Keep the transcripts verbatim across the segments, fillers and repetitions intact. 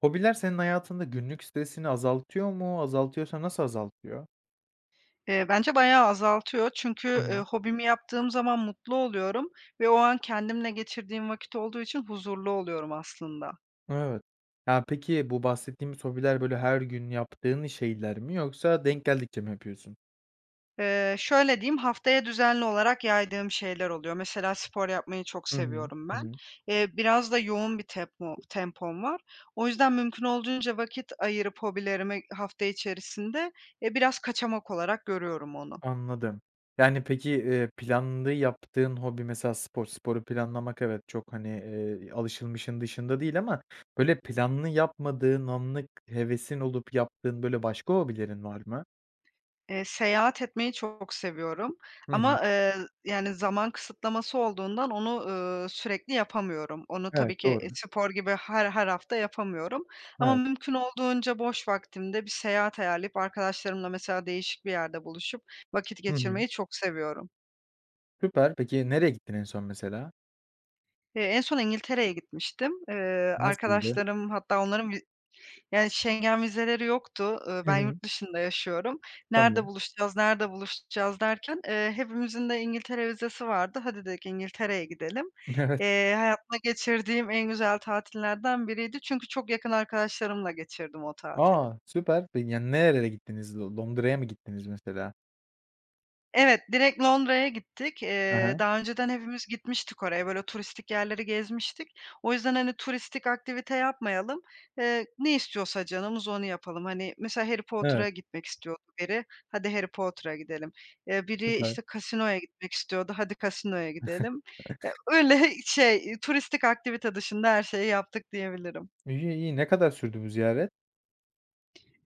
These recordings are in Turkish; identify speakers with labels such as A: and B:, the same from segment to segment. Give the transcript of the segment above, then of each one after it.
A: Hobiler senin hayatında günlük stresini azaltıyor mu? Azaltıyorsa nasıl azaltıyor?
B: Eee, bence bayağı azaltıyor
A: Hı
B: çünkü, eee,
A: hı.
B: hobimi yaptığım zaman mutlu oluyorum ve o an kendimle geçirdiğim vakit olduğu için huzurlu oluyorum aslında.
A: Evet. Ya, peki, bu bahsettiğimiz hobiler, böyle, her gün yaptığın şeyler mi yoksa denk geldikçe mi yapıyorsun?
B: Eee, şöyle diyeyim, haftaya düzenli olarak yaydığım şeyler oluyor. Mesela spor yapmayı çok
A: Hı hı,
B: seviyorum
A: hı
B: ben.
A: hı.
B: Eee, biraz da yoğun bir tepmo tempom var. O yüzden mümkün olduğunca vakit ayırıp hobilerimi hafta içerisinde, e, biraz kaçamak olarak görüyorum onu.
A: Anladım. Yani, peki, eee, planlı yaptığın hobi mesela spor. Sporu planlamak, evet, çok, hani, eee, alışılmışın dışında değil ama, böyle, planlı yapmadığın anlık hevesin olup yaptığın, böyle, başka hobilerin var mı?
B: Eee, seyahat etmeyi çok seviyorum
A: Hı hı.
B: ama, eee, yani, zaman kısıtlaması olduğundan onu, ııı, sürekli yapamıyorum. Onu tabii
A: Evet,
B: ki, e,
A: doğru.
B: spor gibi her her hafta yapamıyorum ama
A: Evet.
B: mümkün olduğunca boş vaktimde bir seyahat ayarlayıp arkadaşlarımla mesela değişik bir yerde buluşup vakit
A: Hı hı.
B: geçirmeyi çok seviyorum.
A: Süper, peki, nereye gittin en son mesela?
B: Eee, en son İngiltere'ye gitmiştim. Eee,
A: Nasıldı?
B: arkadaşlarım hatta onların vi yani, Schengen vizeleri yoktu. Iıı,
A: Hı
B: ben
A: hı.
B: yurt dışında yaşıyorum. "Nerede
A: Tamam.
B: buluşacağız, nerede buluşacağız?" derken, eee, hepimizin de İngiltere vizesi vardı. "Hadi," dedik, "İngiltere'ye gidelim."
A: Evet.
B: Eee, hayatımda geçirdiğim en güzel tatillerden biriydi çünkü çok yakın arkadaşlarımla geçirdim o tatili.
A: A! Süper. Peki, yani, nerelere gittiniz, Lo Londra'ya mı gittiniz mesela?
B: Evet, direkt Londra'ya gittik.
A: He
B: Eee,
A: he.
B: daha önceden hepimiz gitmiştik oraya, böyle, turistik yerleri gezmiştik. O yüzden, hani, turistik aktivite yapmayalım. Eee, ne istiyorsa canımız onu yapalım. Hani, mesela, Harry Potter'a
A: Evet.
B: gitmek istiyordu biri, "Hadi, Harry Potter'a gidelim." Eee, biri,
A: Süper.
B: işte, casino'ya gitmek istiyordu. "Hadi casino'ya gidelim." Eee, öyle, i şey, iii, turistik aktivite dışında her şeyi yaptık diyebilirim.
A: İyi, iyi, ne kadar sürdü bu ziyaret?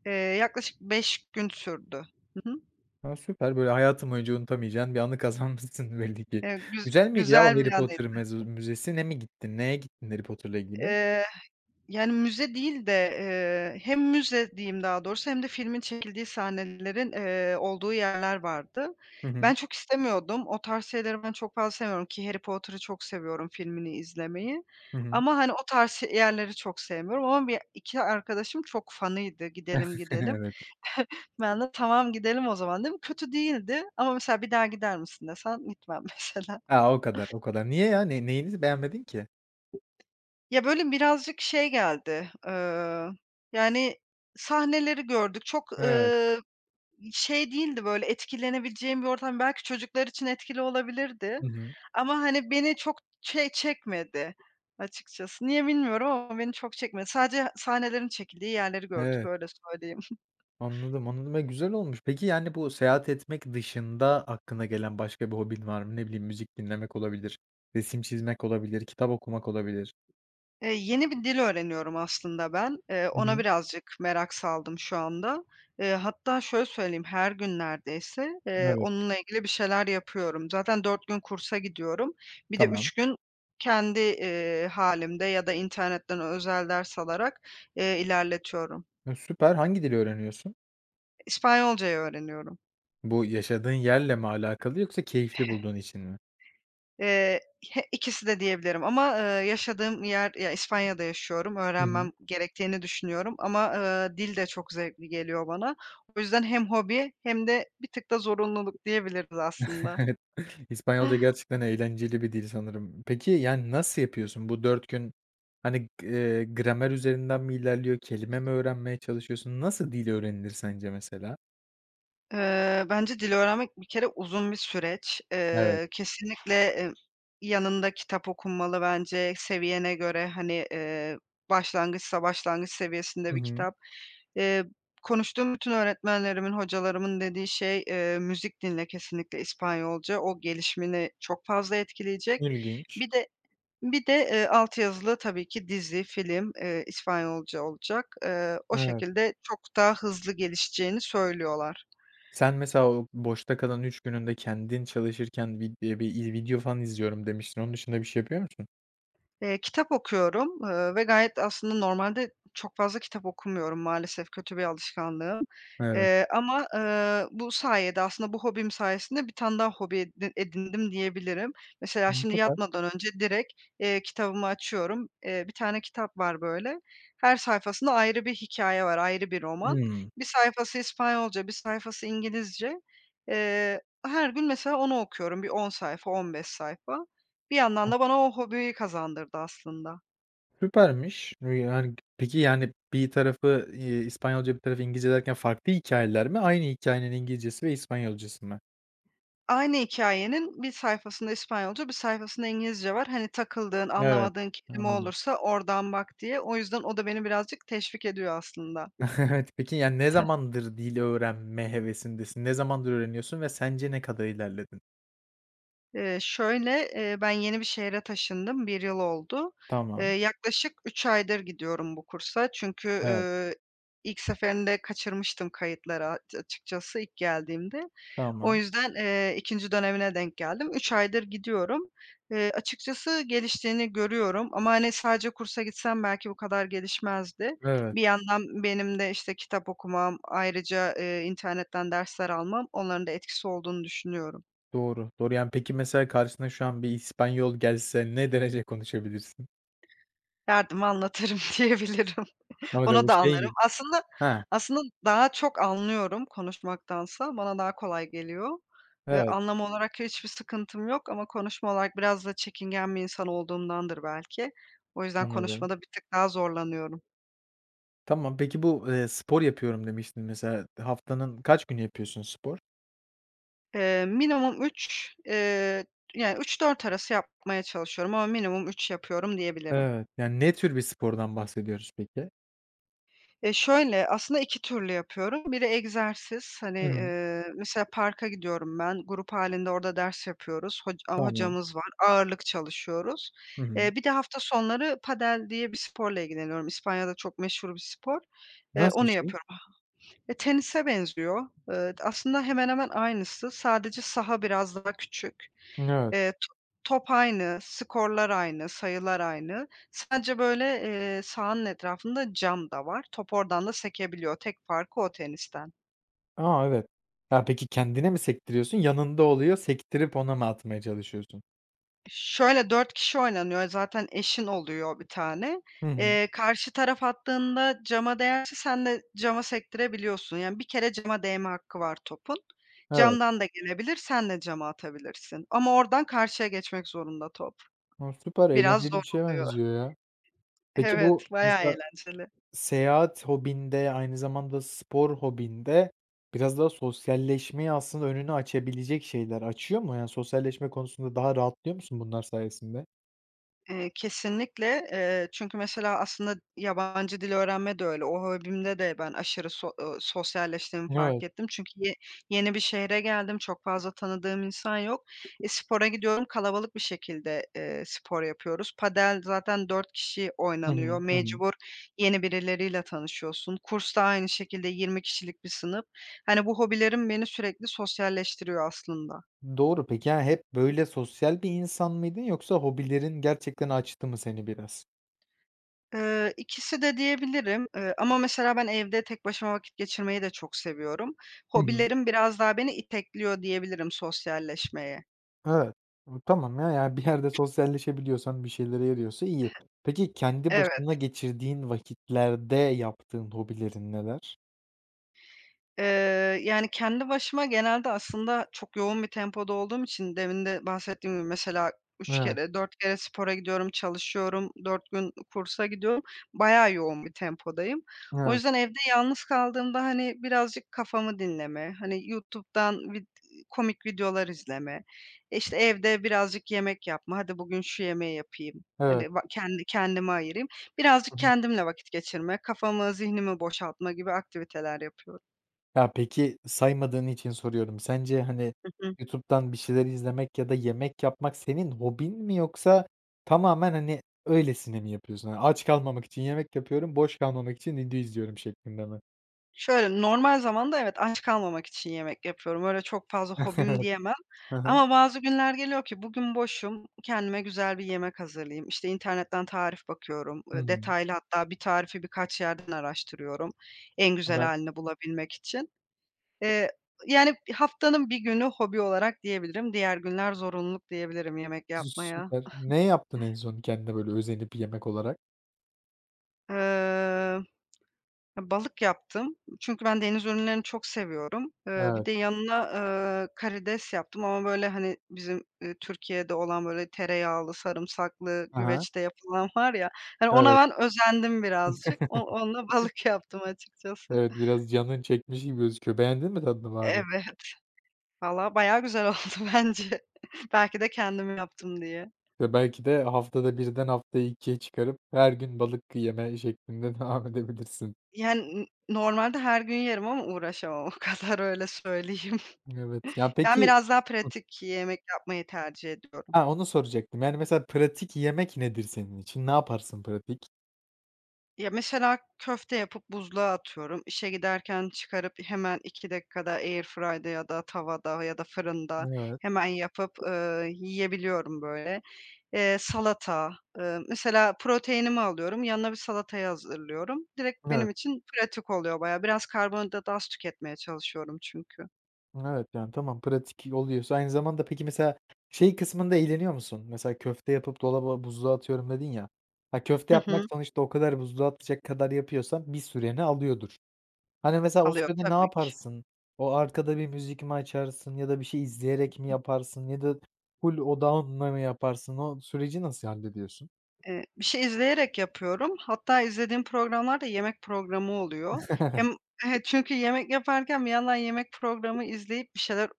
B: Eee, yaklaşık beş gün sürdü. Hı hı.
A: A, süper, böyle, hayatın boyunca unutamayacağın bir anı kazanmışsın belli ki.
B: E güz
A: Güzel miydi, ya, orada
B: güzel bir
A: Harry Potter
B: anıydı.
A: meza müzesine mi gittin? Neye gittin Harry Potter'la ilgili?
B: Eee, h yani, müze değil de, eee, hem müze diyeyim daha doğrusu hem de filmin çekildiği sahnelerin, eee, olduğu yerler vardı.
A: Hı
B: Ben
A: hı.
B: çok istemiyordum. O tarz şeyleri ben çok fazla sevmiyorum, ki Harry Potter'ı çok seviyorum filmini izlemeyi
A: Hı hı.
B: ama, hani, o tarz şe yerleri çok sevmiyorum ama be iki arkadaşım çok fanıydı, "Gidelim, gidelim."
A: Evet.
B: Ben de, "Tamam, gidelim o zaman." dedim. Kötü değildi ama, mesela, "Bir daha gider misin?" desen gitmem, mesela.
A: Ha, o kadar, o kadar, niye ya? Ney neyinizi beğenmedin ki?
B: Ya, böyle, birazcık şey geldi, eee, yani, sahneleri gördük, çok,
A: Evet.
B: ııı, şey değildi, böyle, etkilenebileceğim bir ortam. Belki çocuklar için etkili olabilirdi
A: I hı.
B: ama, hani, beni çok şey çekmedi açıkçası. Niye bilmiyorum ama beni çok çekmedi. Sadece sahnelerin çekildiği yerleri gördük,
A: Evet.
B: öyle söyleyeyim.
A: Anladım, anladım. E, güzel olmuş. Peki, yani, bu seyahat etmek dışında aklına gelen başka bir hobin var mı? Ne bileyim müzik dinlemek olabilir, resim çizmek olabilir, kitap okumak olabilir.
B: Eee, yeni bir dil öğreniyorum aslında ben. Eee,
A: Hı
B: ona
A: hı.
B: birazcık merak saldım şu anda. Eee, hatta şöyle söyleyeyim, her gün neredeyse, eee,
A: Evet.
B: onunla ilgili bir şeyler yapıyorum. Zaten dört gün kursa gidiyorum. Bir de
A: Tamam.
B: üç gün kendi, eee, hâlimde ya da internetten özel ders alarak, eee, ilerletiyorum.
A: E, süper! Hangi dili öğreniyorsun?
B: İspanyolca'yı öğreniyorum.
A: Bu yaşadığın yerle mi alakalı yoksa keyifli bulduğun için mi?
B: Eee, h ikisi de diyebilirim ama, ııı, yaşadığım yer ya, İspanya'da yaşıyorum,
A: Hı hı.
B: öğrenmem gerektiğini düşünüyorum ama, ııı, dil de çok zevkli geliyor bana. O yüzden hem hobi hem de bir tık da zorunluluk diyebiliriz aslında.
A: İspanyolca gerçekten eğlenceli bir dil sanırım. Peki, yani, nasıl yapıyorsun? Bu dört gün hani g eee, gramer üzerinden mi ilerliyor, kelime mi öğrenmeye çalışıyorsun? Nasıl dil öğrenilir sence mesela?
B: Eee, bence dil öğrenmek bir kere uzun bir süreç.
A: Evet.
B: Eee, kesinlikle e yanında kitap okunmalı bence seviyene göre, hani, eee, başlangıçsa başlangıç seviyesinde
A: Hı
B: bir
A: hı.
B: kitap. Eee, konuştuğum bütün öğretmenlerimin, hocalarımın dediği şey, eee, "Müzik dinle kesinlikle İspanyolca. O gelişimini çok fazla etkileyecek.
A: İlginç.
B: Bir de bir de, eee, alt yazılı tabii ki dizi, film, eee, İspanyolca olacak." Eee, o
A: Evet.
B: şekilde çok daha hızlı gelişeceğini söylüyorlar.
A: Sen mesela o boşta kalan üç gününde kendin çalışırken, "Bir, eee, bi iz video falan izliyorum." demiştin. Onun dışında bir şey yapıyor musun?
B: Eee, kitap okuyorum, ııı, ve gayet aslında normalde çok fazla kitap okumuyorum, maalesef kötü bir alışkanlığım,
A: Evet.
B: eee, ama, eee, bu sayede aslında bu hobim sayesinde bir tane daha hobi e d edindim diyebilirim. Mesela,
A: Hımm,
B: şimdi,
A: süper.
B: yatmadan önce direkt, eee, kitabımı açıyorum. Eee, bir tane kitap var, böyle, her sayfasında ayrı bir hikâye var, ayrı bir roman.
A: Hımm.
B: bir sayfası İspanyolca, bir sayfası İngilizce. Eee, her gün mesela onu okuyorum, bir on sayfa, on beş sayfa. Bir yandan
A: [unintelligible]
B: da bana o hobiyi kazandırdı aslında.
A: Süpermiş. Iıı, yani, g peki, yani, bir tarafı, iii, İspanyolca, bir tarafı İngilizce derken farklı hikâyeler mi? Aynı hikâyenin İngilizcesi ve İspanyolcası mı?
B: Aynı hikâyenin bir sayfasında İspanyolca, bir sayfasında İngilizce var. Hani, takıldığın,
A: Evet.
B: anlamadığın kelime
A: Anladım.
B: olursa oradan bak diye. O yüzden o da beni birazcık teşvik ediyor aslında.
A: Evet. Peki, ya ne zamandır dil öğrenme hevesindesin? Ne zamandır öğreniyorsun ve sence ne kadar ilerledin?
B: Eee, şöyle, eee, ben yeni bir şehre taşındım, bir yıl oldu. Eee,
A: Tamam.
B: yaklaşık üç aydır gidiyorum bu kursa. Çünkü,
A: Evet.
B: eee, ilk seferinde kaçırmıştım kayıtları a açıkçası ilk geldiğimde. O
A: Tamam.
B: yüzden, eee, ikinci dönemine denk geldim. üç aydır gidiyorum. Eee, açıkçası geliştiğini görüyorum ama, hani, sadece kursa gitsem belki bu kadar gelişmezdi.
A: Evet.
B: Bir yandan benim de, işte, kitap okumam, ayrıca, eee, internetten dersler almam, onların da etkisi olduğunu düşünüyorum.
A: Doğru. Doğru. Yani, peki, mesela karşısına şu an bir İspanyol gelse ne derece konuşabilirsin?
B: Derdimi anlatırım diyebilirim. Onu da anlarım.
A: [unintelligible]
B: Aslında
A: Ha.
B: aslında daha çok anlıyorum konuşmaktansa, bana daha kolay geliyor. Iıı,
A: Evet.
B: anlama olarak hiçbir sıkıntım yok ama konuşma olarak biraz da çekingen bir insan olduğumdandır belki. O yüzden
A: Anladım.
B: konuşmada bir tık daha zorlanıyorum.
A: Tamam, peki, bu, eee, spor yapıyorum demiştin mesela, haftanın kaç günü yapıyorsun spor?
B: Eee, minimum üç eee, yani, üç dört arası yapmaya çalışıyorum ama minimum üç yapıyorum diyebilirim.
A: Evet, yani, ne tür bir spordan bahsediyoruz peki?
B: Ya, şöyle, aslında iki türlü yapıyorum. Biri egzersiz, hani,
A: Hıı.
B: eee, mesela parka gidiyorum ben, grup hâlinde orada ders yapıyoruz, hoca aaa,
A: Tamam.
B: hocamız var, ağırlık çalışıyoruz.
A: Hı
B: Eee,
A: hı.
B: bir de hafta sonları padel diye bir sporla ilgileniyorum. İspanya'da çok meşhur bir spor. Eee,
A: Nasıl bir
B: onu
A: şey?
B: yapıyorum Eee, tenise benziyor. Iıı, d aslında hemen hemen aynısı. Sadece saha biraz daha küçük.
A: N Evet.
B: Eee, to top aynı, skorlar aynı, sayılar aynı. Sadece, böyle, eee, sahanın etrafında cam da var. Top oradan da sekebiliyor. Tek farkı o tenisten.
A: A! Evet. Ya, peki, kendine mi sektiriyorsun, yanında oluyor, sektirip ona mı atmaya çalışıyorsun?
B: Şöyle, dört kişi oynanıyor, zaten eşin oluyor bir tane.
A: Hı hı.
B: Eee, karşı taraf attığında cama değerse sen de cama sektirebiliyorsun, yani bir kere cama değme hakkı var topun.
A: Evet.
B: Camdan da gelebilir, sen de cama atabilirsin ama oradan karşıya geçmek zorunda top.
A: A, süper.
B: Biraz
A: Eğlenceli
B: zor
A: bir şeye
B: oluyor.
A: benziyor, ya. Peki, bu
B: Evet, bayağı
A: mesela
B: eğlenceli.
A: seyahat hobin de, aynı zamanda spor hobin de, biraz daha sosyalleşmeyi aslında önünü açabilecek şeyler, açıyor mu? Yani, sosyalleşme konusunda daha rahatlıyor musun bunlar sayesinde?
B: Eee, kesinlikle, eee, çünkü mesela aslında yabancı dil öğrenme de öyle. O hobimde de ben aşırı so eee, sosyalleştiğimi fark
A: Evet.
B: ettim. Çünkü ye yeni bir şehre geldim. Çok fazla tanıdığım insan yok. Eee, spora gidiyorum, kalabalık bir şekilde, eee, spor yapıyoruz. Padel zaten dört kişi
A: Hı
B: oynanıyor.
A: hı, hı hı.
B: Mecbur yeni birileriyle tanışıyorsun. Kursta aynı şekilde yirmi kişilik bir sınıf. Hani, bu hobilerim beni sürekli sosyalleştiriyor aslında.
A: Doğru, peki, ya, hep böyle sosyal bir insan mıydın yoksa hobilerin gerçekten açtı mı seni biraz?
B: Eee, ikisi de diyebilirim, eee, ama mesela ben evde tek başıma vakit geçirmeyi de çok seviyorum.
A: Hı hı.
B: Hobilerim biraz daha beni itekliyor, diyebilirim sosyalleşmeye.
A: Evet. Iıı, tamam ya, ya bir yerde sosyalleşebiliyorsan, bir şeylere yarıyorsa iyi. Peki, kendi başına
B: Evet.
A: geçirdiğin vakitlerde yaptığın hobilerin neler?
B: Eee, yani, kendi başıma genelde aslında çok yoğun bir tempoda olduğum için, demin de bahsettiğim gibi mesela üç
A: Evet.
B: kere, dört kere spora gidiyorum, çalışıyorum. dört gün, ııı, kursa gidiyorum, bayağı yoğun bir tempodayım. O
A: Evet.
B: yüzden evde yalnız kaldığımda, hani, birazcık kafamı dinleme, hani, YouTube'dan vid eee, komik videolar izleme, işte, evde birazcık yemek yapma, hadi, bugün şu yemeği yapayım,
A: Evet.
B: hani, ba kendi kendime ayırayım, birazcık
A: Hı hı.
B: kendimle vakit geçirme, kafamı, zihnimi boşaltma gibi aktiviteler yapıyorum.
A: Ya, peki, saymadığın için soruyorum. Sence, hani,
B: Hı hı.
A: YouTube'dan bir şeyler izlemek ya da yemek yapmak senin hobin mi yoksa tamamen, hani, öylesine mi yapıyorsun? Hani, aç kalmamak için yemek yapıyorum, boş kalmamak için video izliyorum şeklinde mi?
B: Şöyle, normal zamanda, evet, aç kalmamak için yemek yapıyorum. Öyle çok fazla hobim diyemem
A: Hı hı.
B: ama bazı günler geliyor ki bugün boşum, kendime güzel bir yemek hazırlayayım, işte, internetten tarif bakıyorum,
A: Hı
B: ııı,
A: hı.
B: detaylı hatta bir tarifi birkaç yerden araştırıyorum en güzel
A: [unintelligible]
B: hâlini bulabilmek için. Eee, yani, haftanın bir günü hobi olarak diyebilirim. Diğer günler zorunluluk diyebilirim yemek
A: S
B: yapmaya.
A: süper. Ne yaptın en son kendine, böyle, özenip yemek olarak?
B: Eee, balık yaptım. Çünkü ben deniz ürünlerini çok seviyorum. Eee, bir
A: Evet.
B: de yanına, ııı, karides yaptım ama, böyle, hani, bizim, ııı, Türkiye'de olan, böyle, tereyağlı, sarımsaklı,
A: Hı hı.
B: güveçte yapılan var ya, hani, ona
A: Evet.
B: ben özendim birazcık. O onunla, balık yaptım açıkçası.
A: Evet, biraz canın çekmiş gibi gözüküyor. Beğendin mi tadını bari?
B: Evet. Valla, bayağı güzel oldu bence. Belki de kendim yaptım diye.
A: Ya, belki de haftada birden haftaya ikiye çıkarıp her gün balık yeme şeklinde devam edebilirsin.
B: Yani, n normalde her gün yerim ama uğraşamam o kadar, öyle söyleyeyim.
A: Evet. Ya,
B: Ben
A: peki,
B: biraz daha
A: hıh
B: pratik yemek yapmayı tercih ediyorum.
A: Ha, onu soracaktım. Yani, mesela pratik yemek nedir senin için? Ne yaparsın pratik?
B: Ya, mesela köfte yapıp buzluğa atıyorum. İşe giderken çıkarıp hemen iki dakikada airfry'da ya da tavada ya da fırında
A: Evet.
B: hemen yapıp, ııı, yiyebiliyorum, böyle. Eee, salata, eee, mesela proteinimi alıyorum, yanına bir salatayı hazırlıyorum, direkt benim
A: Evet.
B: için pratik oluyor bayağı. Biraz karbonhidratı az tüketmeye çalışıyorum çünkü.
A: Evet, yani, tamam, pratik oluyorsa Aynı zamanda peki mesela şey kısmında eğleniyor musun? Mesela, "Köfte yapıp dolaba, buzluğa atıyorum." dedin ya. Ha, köfte
B: Hı
A: yapmak
B: hı.
A: sonuçta o kadar buzluğa atacak kadar yapıyorsan bir süreni alıyordur. Hani, mesela o
B: Alıyor.
A: sürede ne
B: Tabii ki.
A: yaparsın? O arkada bir müzik mi açarsın ya da bir şey
B: Hı
A: izleyerek mi
B: hı.
A: yaparsın ya da ful odağınla mı yaparsın? O süreci nasıl hallediyorsun?
B: Eee, bir şey izleyerek yapıyorum. Hatta izlediğim programlar da yemek programı oluyor. Hem çünkü yemek yaparken bir yandan yemek programı izleyip bir şeyler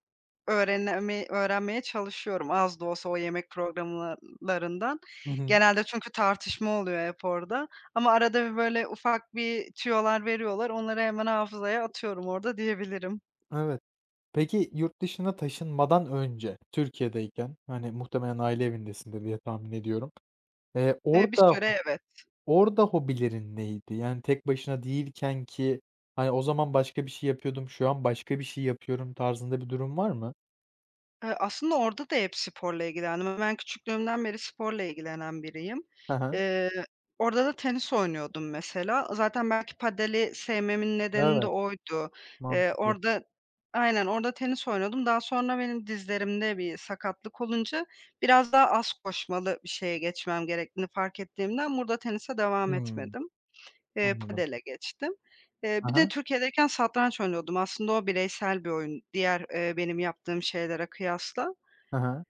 B: öğrenemi öğrenmeye çalışıyorum az da olsa o yemek programlarından.
A: Hı hı.
B: Genelde çünkü tartışma oluyor hep orada ama arada bir böyle ufak bir tüyolar veriyorlar, onları hemen hafızaya atıyorum orada, diyebilirim.
A: Evet. Peki, yurt dışına taşınmadan önce Türkiye'deyken, hani, muhtemelen aile evindesindir diye tahmin ediyorum. Eee
B: Eee, bir
A: orada ho
B: süre evet.
A: orada hobilerin neydi? Yani tek başına değilkenki, hani, "O zaman başka bir şey yapıyordum, şu an başka bir şey yapıyorum." tarzında bir durum var mı?
B: Eee, aslında orada da hep sporla ilgilendim. Eee, ben küçüklüğümden beri sporla ilgilenen biriyim.
A: Ha ha.
B: Eee, orada da tenis oynuyordum mesela. Zaten belki padeli sevmemin nedeni de
A: Evet.
B: oydu. Eee,
A: Mantıklı.
B: orada Aynen. Orada tenis oynuyordum. Daha sonra benim dizlerimde bir sakatlık olunca, biraz daha az koşmalı bir şeye geçmem gerektiğini fark ettiğimden burada tenise devam
A: Hımm.
B: etmedim. Eee,
A: Anladım.
B: padele geçtim. Eee,
A: Ha
B: bir de
A: ha.
B: Türkiye'deyken satranç oynuyordum. Aslında o bireysel bir oyun, diğer, eee, benim yaptığım şeylere kıyasla.
A: Ha ha.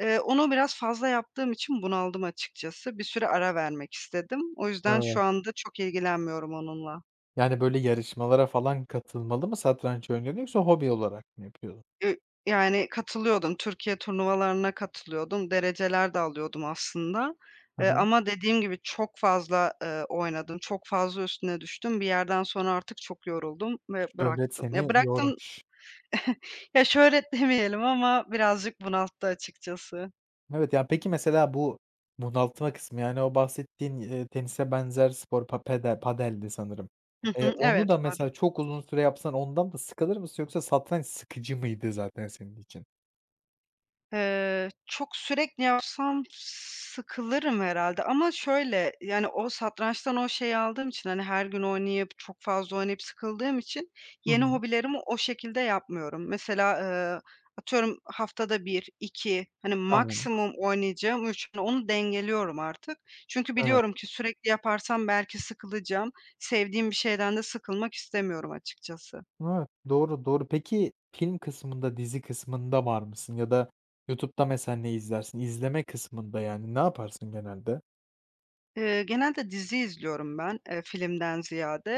B: Eee, onu biraz fazla yaptığım için bunaldım açıkçası. Bir süre ara vermek istedim. O yüzden şu
A: Evet.
B: anda çok ilgilenmiyorum onunla.
A: Yani, böyle, yarışmalara falan katılmalı mı satranç oynuyordun yoksa hobi olarak mı yapıyordun?
B: Eee, yani, katılıyordum Türkiye turnuvalarına katılıyordum. Dereceler de alıyordum aslında,
A: Hı
B: eee,
A: hı.
B: ama dediğim gibi, çok fazla, eee, oynadım, çok fazla üstüne düştüm. Bir yerden sonra artık çok yoruldum ve
A: Şöhret
B: bıraktım. Ya,
A: seni
B: bıraktım
A: yormuş.
B: Ya, şöhret demeyelim ama birazcık bunalttı açıkçası.
A: Evet, ya, peki, mesela bu bunaltma kısmı, yani, o bahsettiğin, eee, tenise benzer spor pa pedel padeldi sanırım.
B: Hı
A: Eee,
B: hı,
A: onu
B: evet
A: da
B: padel.
A: mesela çok uzun süre yapsan ondan da sıkılır mısın yoksa satranç sıkıcı mıydı zaten senin için?
B: Eee, çok sürekli yapsam sıkılırım herhâlde ama, şöyle, yani, o satrançtan o şeyi aldığım için, hani, her gün oynayıp, çok fazla oynayıp sıkıldığım için
A: Hı
B: yeni
A: hı.
B: hobilerimi o şekilde yapmıyorum. Mesela, ııı, atıyorum, haftada bir iki, hani,
A: Anladım.
B: maksimum oynayacağım üç. Onu dengeliyorum artık. Çünkü
A: Evet.
B: biliyorum ki sürekli yaparsam belki sıkılacağım. Sevdiğim bir şeyden de sıkılmak istemiyorum açıkçası.
A: Evet. Doğru, doğru. Peki, film kısmında, dizi kısmında var mısın ya da YouTube'da mesela ne izlersin? İzleme kısmında, yani, ne yaparsın genelde?
B: Eee, genelde dizi izliyorum ben, eee, filmden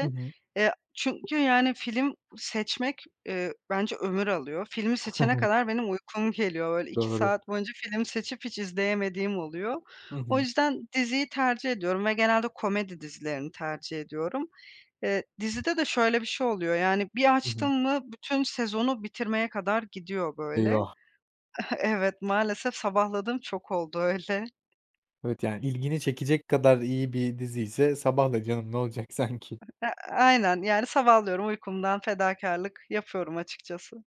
A: Hı hı.
B: Eee, çünkü, yani, film seçmek, eee, bence ömür alıyor. Filmi seçene
A: [unintelligible]
B: kadar benim uykum geliyor. Böyle, iki
A: Doğru.
B: saat boyunca film seçip hiç izleyemediğim oluyor.
A: Hı
B: O
A: hı.
B: yüzden diziyi tercih ediyorum ve genelde komedi dizilerini tercih ediyorum. Eee, dizide de şöyle bir şey oluyor, yani, bir
A: Hı hı.
B: açtım mı bütün sezonu bitirmeye kadar gidiyor, böyle.
A: Eyvah.
B: Evet, maalesef sabahladığım çok oldu öyle.
A: Evet, yani, ilgini çekecek kadar iyi bir diziyse sabahla canım ne olacak sanki.
B: E e aynen, yani, sabahlıyorum uykumdan fedakârlık yapıyorum açıkçası.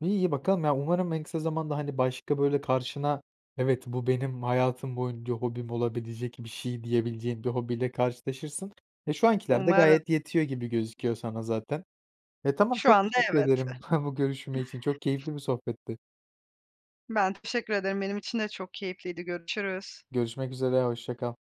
A: İ iyi, bakalım. Ya, umarım en kısa zamanda, hani, başka, böyle, karşına "Evet, bu benim hayatım boyunca hobim olabilecek bir şey." diyebileceğin bir hobiyle karşılaşırsın. E, şu ankiler de
B: Umarım.
A: gayet yetiyor gibi gözüküyor sana zaten. E, tamam,
B: Şu
A: çok
B: anda
A: teşekkür
B: evet.
A: ederim bu görüşme için. Çok keyifli bir sohbetti.
B: Ben teşekkür ederim. Benim için de çok keyifliydi. Görüşürüz.
A: Görüşmek üzere, hoşça kal.